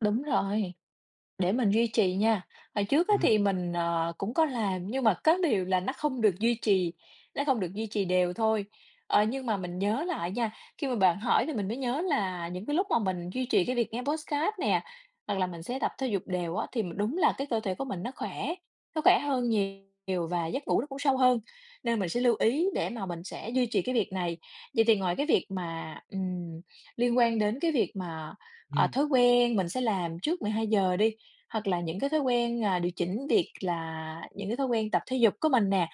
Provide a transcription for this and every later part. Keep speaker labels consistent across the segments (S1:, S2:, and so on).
S1: Đúng rồi, để mình duy trì nha, hồi trước á,
S2: Ừm.
S1: thì mình, ờ, cũng có làm, nhưng mà có điều là nó không được duy trì, nó không được duy trì đều thôi. Ờ, nhưng mà mình nhớ lại nha, khi mà bạn hỏi thì mình mới nhớ là những cái lúc mà mình duy trì cái việc nghe podcast nè, hoặc là mình sẽ tập thể dục đều á, thì đúng là cái cơ thể của mình nó khỏe, nó khỏe hơn nhiều và giấc ngủ nó cũng sâu hơn, nên mình sẽ lưu ý để mà mình sẽ duy trì cái việc này. Vậy thì ngoài cái việc mà, ừm, liên quan đến cái việc mà, ờ,
S2: Ừm.
S1: thói quen mình sẽ làm trước 12:00 đi, hoặc là những cái thói quen, à, điều chỉnh việc là những cái thói quen tập thể dục của mình nè,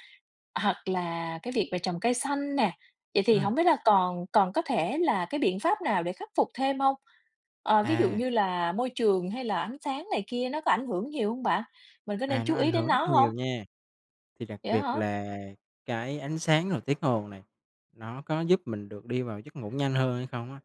S1: hoặc là cái việc về trồng cây xanh nè, vậy thì
S2: Ừm.
S1: hổng biết là còn còn có thể là cái biện pháp nào để khắc phục thêm hông? Ờ, ví dụ
S2: À.
S1: như là môi trường hay là ánh sáng này kia nó có ảnh hưởng nhiều hông bạn? Mình có nên
S2: À, nó
S1: chú ý
S2: ảnh
S1: đến
S2: hưởng rất
S1: nó hông?
S2: nhiều nha, thì đặc
S1: Vậy á
S2: biệt
S1: hả?
S2: là cái ánh sáng rồi tiếng ồn nè nó có giúp mình được đi vào giấc ngủ nhanh hơn hay không á,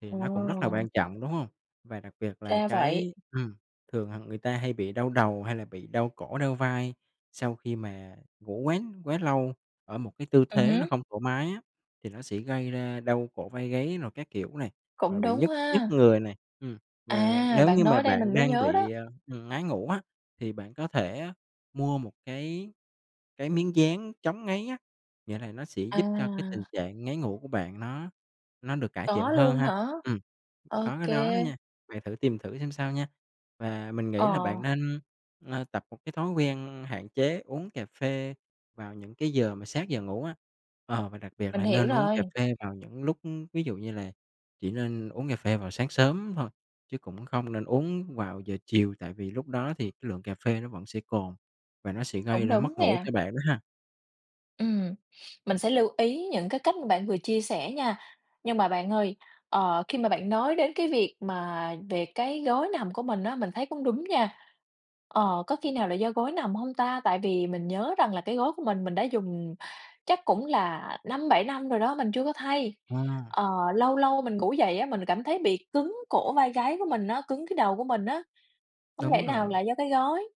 S2: thì nó cũng rất là
S1: Ờ.
S2: quan trọng, đúng hông? Và đặc biệt là
S1: Ra vậy.
S2: cái ừm, thường, à, người ta hay bị đau đầu hay là bị đau cổ, đau vai, sau khi mà ngủ quá quá lâu ở một cái tư
S1: Ừm
S2: thế nó
S1: hứm.
S2: không thoải mái á, thì nó sẽ gây ra đau cổ vai gáy rồi các kiểu này, rồi
S1: Cũng
S2: bị
S1: đúng
S2: nhức nhức
S1: ha.
S2: người nè. Ừm, và
S1: À,
S2: nếu
S1: bạn
S2: như mà
S1: nói đây
S2: bạn
S1: mình mới
S2: đang
S1: nhớ đó.
S2: bị, à, ừm, ngáy ngủ á, thì bạn có thể mua một cái cái miếng dán chống ngáy á, nghĩa là nó sẽ giúp cho cái tình
S1: À.
S2: trạng ngáy ngủ của bạn nó nó được cải thiện
S1: Có
S2: hơn
S1: luôn
S2: ha.
S1: hả?
S2: Ừm,
S1: Ô
S2: có cái đó đó
S1: kê.
S2: nha, bạn thử tìm thử xem sao nha, và mình nghĩ là bạn
S1: Ờ.
S2: nên, ờ, tập một cái thói quen hạn chế uống cà phê vào những cái giờ mà sát giờ ngủ á, ờ, và đặc biệt
S1: Mình
S2: là
S1: hiểu
S2: nên uống cà
S1: rồi.
S2: phê vào những lúc ví dụ như là chỉ nên uống cà phê vào sáng sớm thôi chứ cũng không nên uống vào giờ chiều, tại vì lúc đó thì cái lượng cà phê nó vẫn sẽ còn và nó sẽ gây
S1: Cũng
S2: ra
S1: đúng
S2: mất ngủ
S1: nè.
S2: cho bạn đó ha.
S1: Ừm, mình sẽ lưu ý những cái cách bạn vừa chia sẻ nha, nhưng mà bạn ơi, ờ, khi mà bạn nói đến cái việc mà về cái gối nằm của mình á, mình thấy cũng đúng nha. Ờ, có khi nào là do gối nằm hông ta? Tại vì mình nhớ rằng là cái gối của mình, mình đã dùng chắc cũng là 5-7 năm rồi đó, mình chưa có thay.
S2: À.
S1: Ờ, lâu lâu mình ngủ dậy á, mình cảm thấy bị cứng cổ vai gáy của mình á, cứng cái đầu của mình á, hông lẽ
S2: Đúng
S1: nào
S2: rồi.
S1: là do cái gối?